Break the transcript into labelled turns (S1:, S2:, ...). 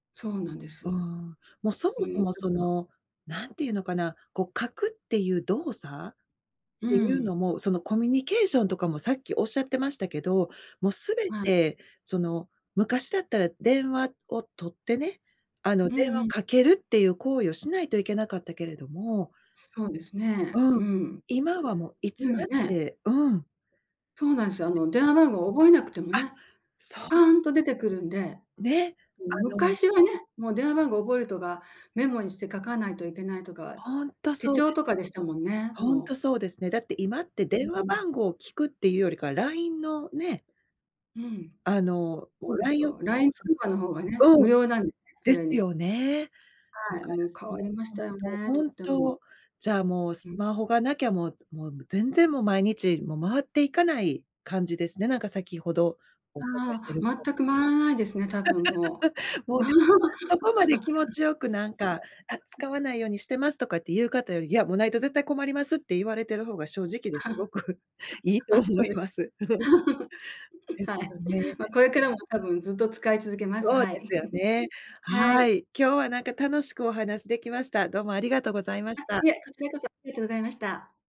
S1: そうなんです
S2: うー
S1: よ。
S2: ん。もうそ
S1: う
S2: もそ
S1: ん、で
S2: もそ
S1: すが
S2: の、何て言うのかな、こう書くっていう動作っ
S1: う
S2: ていう
S1: ん。
S2: のも、そのコミュニケーションとかもさっきおっしゃってましたけど、もうすべ
S1: はい。
S2: てその昔だったら電話を取ってね、あの、
S1: うん、
S2: 電話を
S1: ふん。
S2: かけるっていう行為をしないといけなかったけれども
S1: そうですね。
S2: うん、
S1: うん。
S2: 今はもういつ
S1: 今
S2: だっ
S1: ね。
S2: てうん。
S1: そうなんすよ。あ
S2: 安
S1: の、
S2: いし。
S1: 電話番号覚えなくても
S2: あ、
S1: ね、
S2: そう。
S1: パンと出てくるんで。
S2: ね、
S1: う
S2: あ
S1: ん、
S2: の
S1: 昔はね、もう電話番号覚えるとか、メモにして書かないといけないとか、
S2: ほんと
S1: 手
S2: そう
S1: 帳
S2: です。
S1: とかでしたもんね、
S2: ほんと
S1: もう。
S2: そうですね。だって今って
S1: う
S2: 電話
S1: うん。
S2: 番号を聞くっていうよりか、LINE のね。
S1: うん。
S2: あの、
S1: ほ
S2: お
S1: うで
S2: ら
S1: す
S2: いを
S1: よ。
S2: そう、
S1: LINE 通
S2: そ
S1: 話の方がね、
S2: んうん、
S1: 無料なんで、そ
S2: で
S1: れ
S2: す
S1: に。
S2: よね。ん、か
S1: はい、も
S2: ら
S1: う変
S2: そ
S1: わ
S2: う、
S1: りまし
S2: ほん
S1: たよ
S2: と
S1: ね、
S2: ほ
S1: とっ
S2: ん
S1: ても。
S2: と、じゃあ、もう
S1: う
S2: ス
S1: ん。
S2: マホがなきゃ、もう、つもう、ぐ全然もう毎日、もう回っていかない感じですね。なんか先ほどお伺いして
S1: あ
S2: る
S1: あ、
S2: と。
S1: 全く回らないですね、多分も
S2: もうでも、そこまで気持ちよくなんか、あ、
S1: う。
S2: 使わないようにしてますとかっていう方より、いや、もうないと絶対困りますって言われてる方が正直で、すごくいい と思
S1: あ、そ
S2: い
S1: うです
S2: ま
S1: か。
S2: す。で す
S1: はい。
S2: よね。
S1: ま、これからも多分ずっと使い続けます。
S2: そう
S1: は
S2: で
S1: い。
S2: すよね。
S1: は
S2: は
S1: い。
S2: い。今日はなんか楽しくお話できました。どうもありがとうございまし
S1: あ、
S2: た。
S1: いえ、こちらこそありがとうございました。